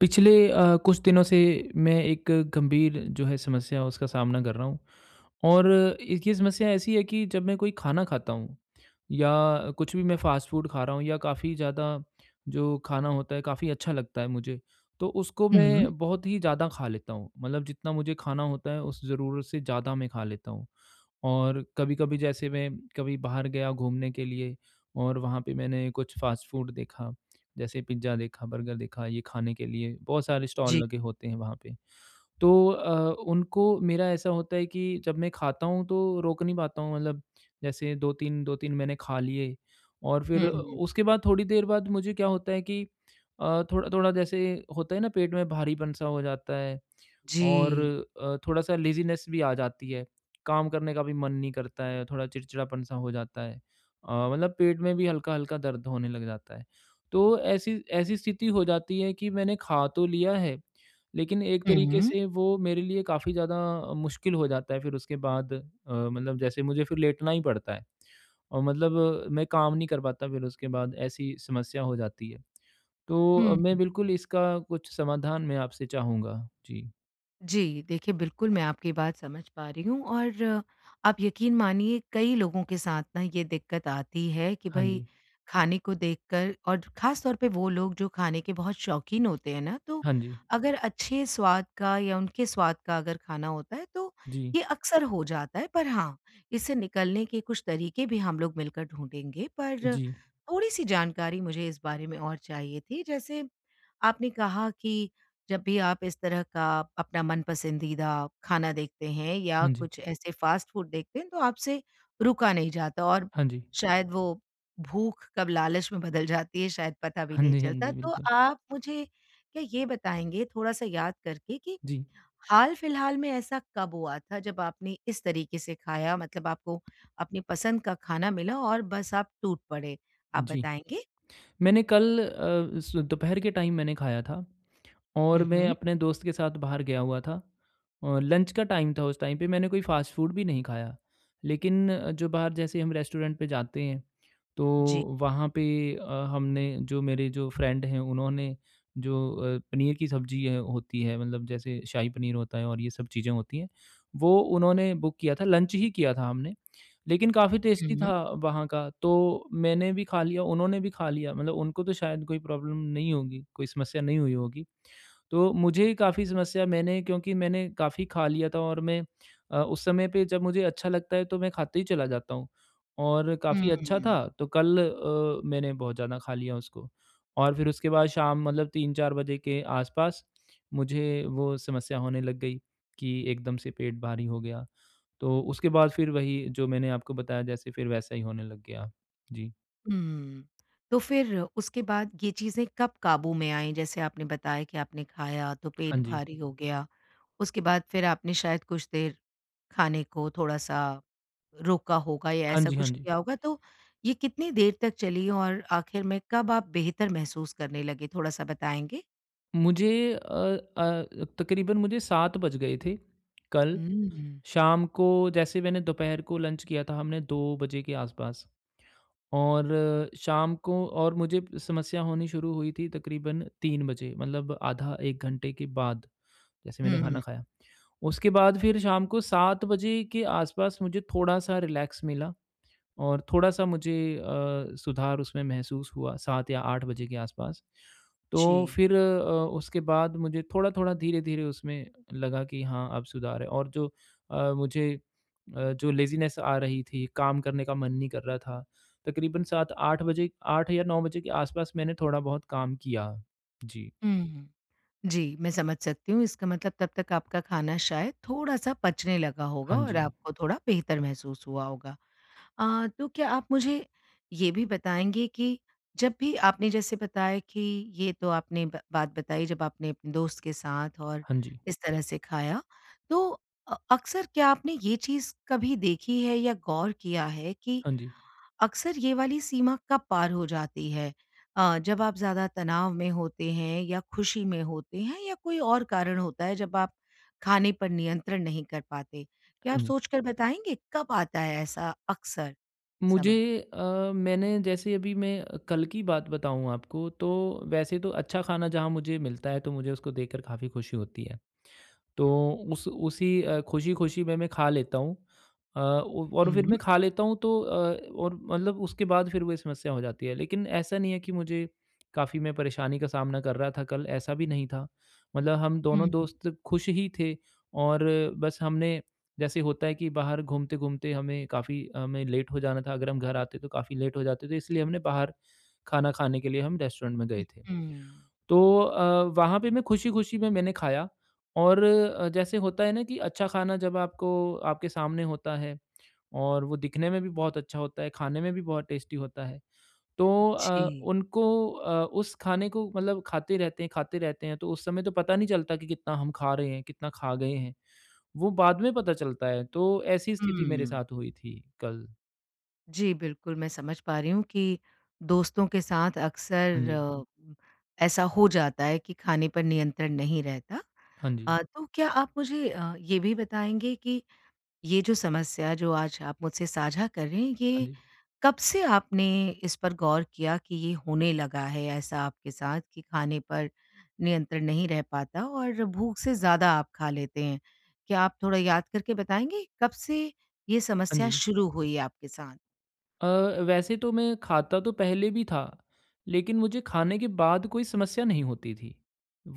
पिछले अ, कुछ दिनों से मैं एक गंभीर जो है समस्या, उसका सामना कर रहा हूँ। और इसकी समस्या ऐसी है कि जब मैं कोई खाना खाता हूँ, या कुछ भी मैं फ़ास्ट फ़ूड खा रहा हूँ या काफ़ी ज़्यादा जो खाना होता है, काफ़ी अच्छा लगता है मुझे, तो उसको हुँ। मैं बहुत ही ज़्यादा खा लेता हूँ। मतलब जितना मुझे खाना होता है, उस ज़रूरत से ज़्यादा मैं खा लेता हूँ। और कभी-कभी जैसे मैं, कभी बाहर गया घूमने के लिए और वहाँ पे मैंने कुछ फ़ास्ट फ़ूड देखा, जैसे पिज़्ज़ा देखा, बर्गर देखा, ये खाने के लिए बहुत सारे स्टॉल जी। लगे होते हैं वहाँ पे, तो अ, उनको मेरा ऐसा होता है कि, जब मैं खाता हूँ तो रोक नहीं पाता हूँ, मतलब जैसे 2-3 2-3 मैंने खा लिए और फिर अ, हुँ। उसके बाद थोड़ी देर बाद मुझे क्या होता है कि अ, थोड़ा-थोड़ा जैसे होता है ना पेट में भारीपन-सा हो जाता है। और जी। अ, थोड़ा-सा लेज़ीनेस भी आ जाती है, काम करने का भी मन नहीं करता है, थोड़ा चिड़चिड़ापन-सा हो जाता है। अ, मतलब पेट में भी हल्का-हल्का दर्द होने लग जाता है, तो ऐसी ऐसी स्थिति हो जाती है कि मैंने खा तो लिया है, लेकिन एक तरीक़े हुँ। से वो मेरे लिए काफ़ी ज़्यादा मुश्किल हो जाता है फिर उसके बाद अ, मतलब जैसे मुझे फिर लेटना ही पड़ता है। और मतलब मैं काम नहीं कर पाता फिर उसके बाद, ऐसी समस्या हो जाती है। तो अ, मैं हुँ। बिल्कुल इसका कुछ समाधान मैं आपसे चाहूँगा, जी। जी, देखिए बिल्कुल मैं आपकी बात समझ पा रही हूँ और आप यकीन मानिए कई लोगों के साथ ना ये दिक्कत आती है कि हाँ भई, जी। खाने को देखकर और ख़ास तौर पे वो लोग जो खाने के बहुत शौक़ीन होते हैं ना, तो हाँ जी। अगर अच्छे स्वाद का या उनके स्वाद का अगर खाना होता है, तो जी। ये अक्सर हो जाता है पर हाँ, इससे निकलने के कुछ तरीके भी हम लोग मिलकर ढूँढेंगे, पर जी। थोड़ी सी जानकारी मुझे इस बारे में और चाहिए थी जैसे, आपने कहा कि जब भी आप इस तरह का अपना मनपसंदीदा, खाना देखते हैं या हाँ जी। कुछ ऐसे फ़ास्ट फ़ूड देखते हैं, तो आपसे रुका नहीं जाता और हाँ जी। शायद वो भूख कब लालच में बदल जाती है शायद पता भी हाँ नहीं जी, हाँ चलता। जी तो बिल्कुल। आप मुझे क्या ये बताएँगे, थोड़ा-सा याद करके कि, जी। हाल-फिलहाल में ऐसा कब हुआ था जब आपने इस तरीके से खाया? मतलब आपको अपनी पसंद का खाना मिला और बस आप टूट पड़े, आप जी। बताएँगे? मैंने कल अ, स दोपहर के टाइम मैंने खाया था। हुँ, और मैं हुँ। अपने दोस्त के साथ बाहर गया हुआ था। और लंच का टाइम था उस टाइम पे मैंने कोई फ़ास्ट फ़ूड भी नहीं खाया, लेकिन अ, जो बाहर जैसे हम रेस्टोरेंट पे जाते हैं। तो जी। वहाँ पे अ, हमने जो मेरे जो फ्रेंड है उन्होंने जो अ, पनीर की सब्ज़ी है होती है मतलब जैसे शाही पनीर होता है और ये सब चीज़ें होती हैं। वो उन्होंने बुक किया था लंच ही किया था हमने। लेकिन काफ़ी टेस्टी हुँ। था वहाँ का, तो मैंने भी खा लिया, उन्होंने भी खा लिया, मतलब उनको तो शायद कोई प्रॉब्लम नहीं होगी, कोई समस्या नहीं हुई होगी। तो मुझे ही काफ़ी समस्या मैंने क्योंकि मैंने काफ़ी खा लिया था और मैं अ, उस समय पे जब मुझे अच्छा लगता है, तो मैं खाते ही चला जाता हूँ। और काफ़ी अच्छा था हुँ। तो कल अ, मैंने बहुत ज़्यादा खा लिया उसको। और फिर उसके बाद शाम मतलब 3-4 बजे के आसपास, मुझे वो समस्या होने लग गई कि एकदम से पेट भारी हो गया। तो उसके बाद फिर वही, जो मैंने आपको बताया जैसे, फिर वैसा ही होने लग गया। जी। हुँ, तो फिर उसके बाद ये चीज़ें कब काबू में आईं? जैसे आपने बताया कि आपने खाया तो हाँ पेट जी। भारी हो गया, उसके बाद फिर आपने शायद कुछ देर खाने को थोड़ा-सा रोका होगा या हाँ ऐसा जी, हाँ कुछ जी। किया होगा तो ये कितनी देर तक चली और आखिर में कब आप बेहतर महसूस करने लगे थोड़ा-सा बताएँगे? मुझे अ अ अ, तकरीबन मुझे 7 बज गए थे, कल हम्म। शाम को जैसे मैंने दोपहर को लंच किया था हमने 2 बजे के आसपास। और शाम को और मुझे समस्या होनी शुरू हुई थी तकरीबन 3 बजे मतलब आधा 1 घंटे के बाद, जैसे मैंने खाना हुँ। खाया। उसके बाद फिर शाम को 7 बजे के आसपास मुझे थोड़ा-सा रिलैक्स मिला और थोड़ा-सा मुझे अ, सुधार उसमें महसूस हुआ 7 या 8 बजे के आसपास। तो जी। फिर अ, उसके बाद मुझे थोड़ा-थोड़ा धीरे-धीरे उसमें लगा कि हाँ, अब सुधार है, और जो अ, मुझे अ, जो लेज़ीनेस आ रही थी, काम करने का मन नहीं कर रहा था, तकरीबन 7-8 बजे, 8 या 9 बजे के आस-पास मैंने थोड़ा-बहुत काम किया। जी। हुँ, हुँ। जी, मैं समझ सकती हूँ इसका मतलब तब तक आपका खाना शायद थोड़ा-सा पचने लगा होगा हाँ और जी। आपको थोड़ा बेहतर महसूस हुआ होगा। अ, तो क्या आप मुझे ये भी बताएँगे कि जब भी आपने जैसे बताया कि ये तो आपने ब बात बताई जब आपने अपने दोस्त के साथ और हाँ जी। इस तरह से खाया तो, अ, अक्सर क्या आपने ये चीज़ कभी देखी है या गौर किया है कि हाँ जी। अक्सर ये वाली सीमा कब पार हो जाती है? अ, जब आप ज़्यादा तनाव में होते हैं या खुशी में होते हैं या कोई और कारण होता है जब आप, खाने पर नियंत्रण नहीं कर पाते? क्या आप हाँ जी। सोच कर बताएँगे कब आता है ऐसा अक्सर समय? मुझे अ, मैंने जैसे अभी मैं कल की बात बताऊँ आपको तो वैसे तो अच्छा खाना जहाँ मुझे मिलता है तो मुझे उसको देखकर काफ़ी खुशी होती है। तो उस उसी खुशी-खुशी में मैं खा लेता हूँ। अ, उ और फिर हुँ। मैं खा लेता हूँ तो अ, और मतलब उसके बाद फिर वोही समस्या हो जाती है लेकिन ऐसा नहीं है कि मुझे काफ़ी मैं परेशानी का सामना कर रहा था कल ऐसा भी नहीं था। मतलब हम हुँ, दोनों हुँ। दोस्त खुश ही थे और बस हमने, जैसे होता है कि बाहर घूमते-घूमते हमें काफ़ी हमें लेट हो जाना था अगर हम घर आते तो काफ़ी लेट हो जाते थे इसलिए हमने बाहर खाना खाने के लिए हम रेस्टोरेंट में गए थे। उहुँ। तो अ, वहाँ पे मैं खुशी-खुशी में मैंने खाया और अ, जैसे होता है ना कि अच्छा खाना जब आपको आपके सामने होता है, और वो दिखने में भी बहुत अच्छा होता है खाने में भी बहुत टेस्टी होता है, तो अ, जी। उनको अ, उस खाने को मतलब खाते रहते हैं खाते रहते हैं तो उस समय तो पता नहीं चलता कि कितना हम खा रहे हैं, कितना खा गए हैं, वो बाद में पता चलता है, तो ऐसी स्थिति मेरे हुँ। साथ हुई थी कल। जी बिल्कुल, मैं समझ पा रही हूँ कि दोस्तों के साथ हाँ जी। अक्सर, ऐसा हो जाता है कि खाने पर नियंत्रण नहीं रहता। हाँ जी। अ, तो क्या आप मुझे अ, ये भी बताएँगे कि, ये जो समस्या जो आज आप मुझसे साझा कर रहे हैं, हाँ ये जी। कब से आपने इस पर गौर किया कि ये होने लगा है, ऐसा आपके साथ कि खाने पर नियंत्रण नहीं रह पाता? और भूख से ज़्यादा आप खा लेते हैं? क्या आप थोड़ा याद करके बताएँगे, कब से ये हाँ समस्या जी। शुरू हुई है आपके साथ? अ, वैसे तो मैं खाता तो पहले भी था। लेकिन मुझे खाने के बाद कोई समस्या नहीं होती थी।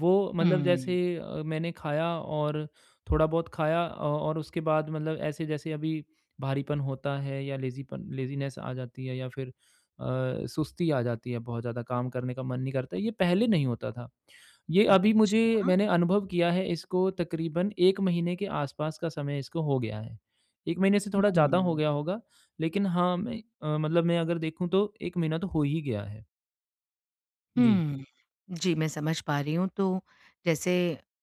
वो मतलब जैसे हुँ। अ, मैंने खाया और थोड़ा बहुत खाया अ, और उसके बाद मतलब ऐसे जैसे अभी भारीपन होता है या लेज़ीपन लेज़ीनेस आ जाती है या फिर अ, सुस्ती आ जाती है बहुत ज़्यादा, काम करने का मन नहीं करता। ये पहले नहीं होता था। ये अभी मुझे अच्छा। मैंने अनुभव किया है इसको तकरीबन 1 महीने के आस-पास का समय इसको हो गया है। 1 महीने से थोड़ा ज़्यादा हो हुँ। गया होगा, लेकिन हाँ मैं अ, मतलब मैं अगर देखूँ तो 1 महीना तो हो ही गया है। जी। हुँ। जी मैं समझ पा रही हूँ। तो जैसे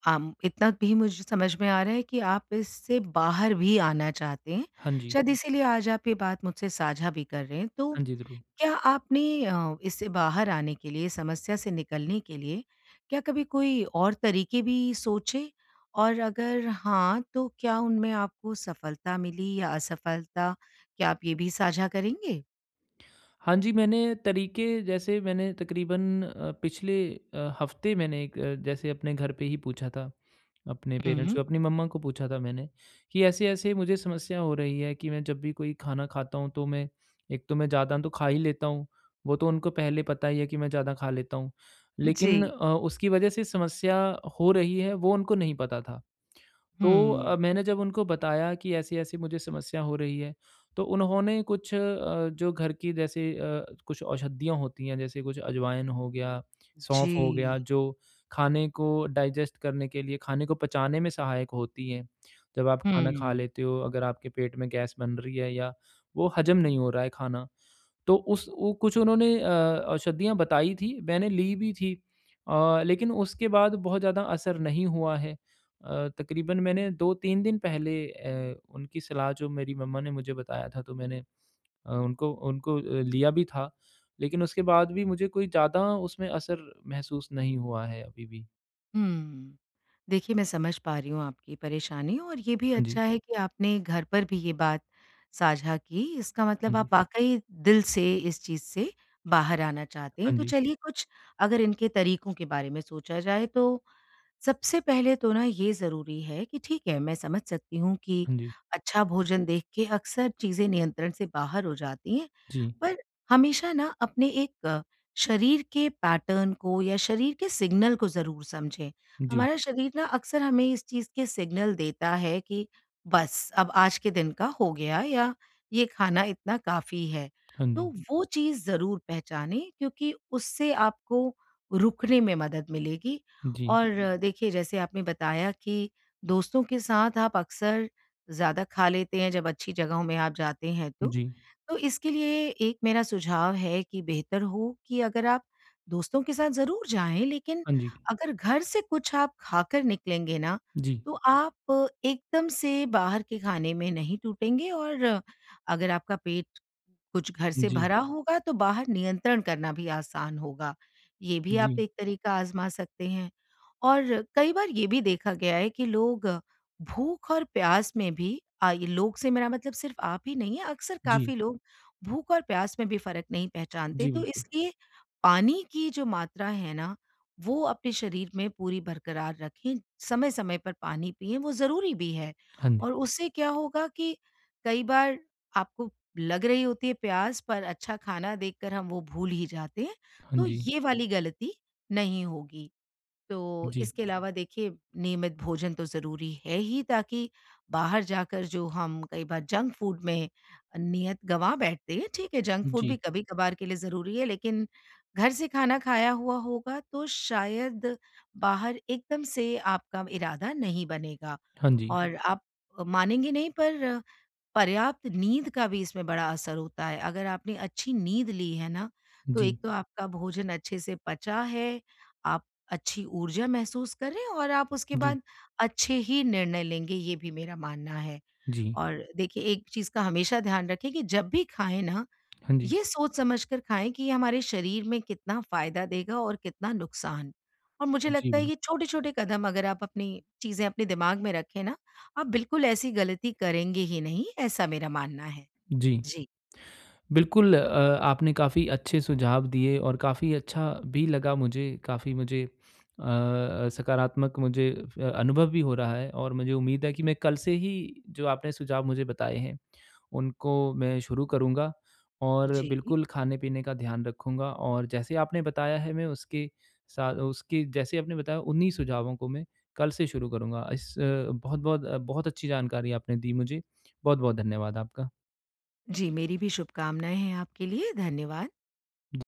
आम इतना भी मुझे समझ में आ रहा है कि आप इससे बाहर भी आना चाहते हैं। हाँ जी। शायद इसीलिए आज आप ये बात मुझसे साझा भी कर रहे हैं। तो हाँ जी। ज़रूर। क्या आपने अ, इससे बाहर आने के लिए समस्या से निकलने के लिए क्या कभी कोई और तरीक़े भी सोचे? और अगर हाँ, तो क्या उनमें आपको सफलता मिली या असफलता? क्या आप ये भी साझा करेंगे? हाँ जी, मैंने तरीक़े जैसे मैंने तक़रीबन अ, पिछले अ, हफ़्ते मैंने एक अ, जैसे अपने घर पे ही पूछा था। अपने हुँ, पेरेंट्स को, हुँ। अपनी मम्मा को पूछा था मैंने। कि ऐसे-ऐसे मुझे समस्या हो रही है कि मैं जब भी कोई खाना खाता हूँ तो मैं एक तो मैं ज़्यादा तो खा ही लेता हूँ। वो तो उनको पहले पता ही है कि मैं ज़्यादा खा लेता हूँ। लेकिन जी। अ, उसकी वज़ह से समस्या हो रही है वो उनको नहीं पता था। तो हुँ। अ, मैंने जब उनको बताया कि ऐसी-ऐसी मुझे समस्या हो रही है, तो उन्होंने कुछ अ, जो घर की जैसे अ, कुछ औषधियाँ होती हैं जैसे कुछ अजवाइन हो गया, सौंफ हो गया जी। जो खाने को डाइजेस्ट करने के लिए, खाने को पचाने में सहायक होती है। जब आप खाना हुँ, खा हुँ। लेते हो अगर आपके पेट में गैस बन रही है या वो हजम नहीं हो रहा है खाना तो उस वो कुछ उन्होंने अ, औषधियाँ बताई थी। मैंने ली भी थी। अ, लेकिन उसके बाद बहुत ज़्यादा असर नहीं हुआ है। अ, तक़रीबन मैंने 2-3 दिन पहले ए उनकी सलाह जो मेरी मम्मा ने मुझे बताया था तो मैंने अ, उनको उनको लिया भी था। लेकिन उसके बाद भी मुझे कोई ज़्यादा उसमें असर महसूस नहीं हुआ है अभी भी। हुँ। देखिए मैं समझ पा रही हूँ आपकी परेशानी और ये भी हाँ जी। अच्छा है कि आपने घर पर भी ये बात साझा की, इसका हाँ मतलब जी। आप वाक़ई दिल से इस चीज़ से बाहर आना चाहते हैं। हाँ तो जी। चलिए कुछ अगर इनके तरीकों के बारे में सोचा जाए तो, सबसे पहले तो ना ये ज़रूरी है कि ठीक है मैं समझ सकती हूँ कि हाँ जी। अच्छा भोजन देख के अक्सर चीज़ें नियंत्रण से बाहर हो जाती हैं, जी। पर हमेशा ना अपने एक शरीर के पैटर्न को या शरीर के सिग्नल को ज़रूर समझें। जी। हमारा शरीर ना अक्सर हमें इस चीज़ के सिग्नल देता है कि बस! अब आज के दिन का हो गया या ये खाना इतना काफ़ी है। हाँ जी। तो वो चीज़ ज़रूर पहचानें क्योंकि उससे आपको रुकने में मदद मिलेगी जी। और देखिए जैसे आपने बताया कि दोस्तों के साथ आप अक्सर ज़्यादा खा लेते हैं जब अच्छी जगहों में आप जाते हैं तो। जी। तो इसके लिए एक मेरा सुझाव है कि बेहतर हो कि अगर आप दोस्तों के साथ ज़रूर जाएँ लेकिन हाँ जी। अगर घर से कुछ आप खाकर निकलेंगे ना जी। तो आप एकदम से बाहर के खाने में नहीं टूटेंगे और अगर आपका पेट कुछ घर से जी। भरा होगा तो बाहर नियंत्रण करना भी आसान होगा। ये भी आप जी। एक तरीका आज़मा सकते हैं। और कई बार ये भी देखा गया है कि लोग भूख और प्यास में भी अ, ये लोग से मेरा मतलब सिर्फ़ आप ही नहीं है, अक्सर जी। काफ़ी लोग भूख और प्यास में भी फ़र्क नहीं पहचानते जी, तो बिल्कुल। इसलिए पानी की जो मात्रा है ना वो अपने शरीर में पूरी बरकरार रखें। समय-समय पर पानी पिएँ वो ज़रूरी भी है। हाँ जी। और उससे क्या होगा कि कई बार आपको लग रही होती है प्यास पर अच्छा खाना देख कर हम वो भूल ही जाते हैं, हाँ तो जी। ये वाली गलती नहीं होगी। तो जी। इसके अलावा देखिए नियमित भोजन तो ज़रूरी है ही ताकि बाहर जाकर जो हम कई बार जंक फ़ूड में नियत गवा बैठते हैं, ठीक है, जंक फ़ूड जी। भी कभी-कभार के लिए ज़रूरी है लेकिन घर से खाना खाया हुआ होगा तो शायद बाहर एकदम से आपका इरादा नहीं बनेगा। हाँ जी। और आप मानेंगे नहीं पर पर्याप्त नींद का भी इसमें बड़ा असर होता है। अगर आपने अच्छी नींद ली है ना, तो एक जी। तो आपका भोजन अच्छे से पचा है, आप अच्छी ऊर्जा महसूस करें और आप उसके जी। बाद अच्छे ही निर्णय लेंगे ये भी मेरा मानना है। जी। और देखिए एक चीज़ का हमेशा ध्यान रखें कि जब भी खाएँ ना, हाँ जी। ये सोच समझकर खाएँ कि ये हमारे शरीर में कितना फ़ायदा देगा और कितना नुकसान। और मुझे जी, लगता है कि बिल्क ये छोटे-छोटे कदम अगर आप अपनी चीज़ें अपने दिमाग में रखें ना, आप बिल्कुल ऐसी गलती करेंगे ही नहीं, ऐसा मेरा मानना है। जी। जी। बिल्कुल अ, आपने काफ़ी अच्छे सुझाव दिए और काफ़ी अच्छा भी लगा मुझे, काफ़ी मुझे अ, सकारात्मक मुझे अनुभव भी हो रहा है। और मुझे उम्मीद है कि मैं कल से ही जो आपने सुझाव मुझे बताए हैं उनको मैं शुरू करूँगा और जी। बिल्कुल खाने-पीने का ध्यान रखूँगा। और जैसे आपने बताया है मैं उसके सा उसकी जैसे आपने बताया उन्ही सुझावों को मैं कल से शुरू करूँगा। इस अ, बहुत-बहुत अ, बहुत अच्छी जानकारी आपने दी मुझे। बहुत-बहुत धन्यवाद आपका। जी, मेरी भी शुभकामनाएँ हैं आपके लिए। धन्यवाद। जी।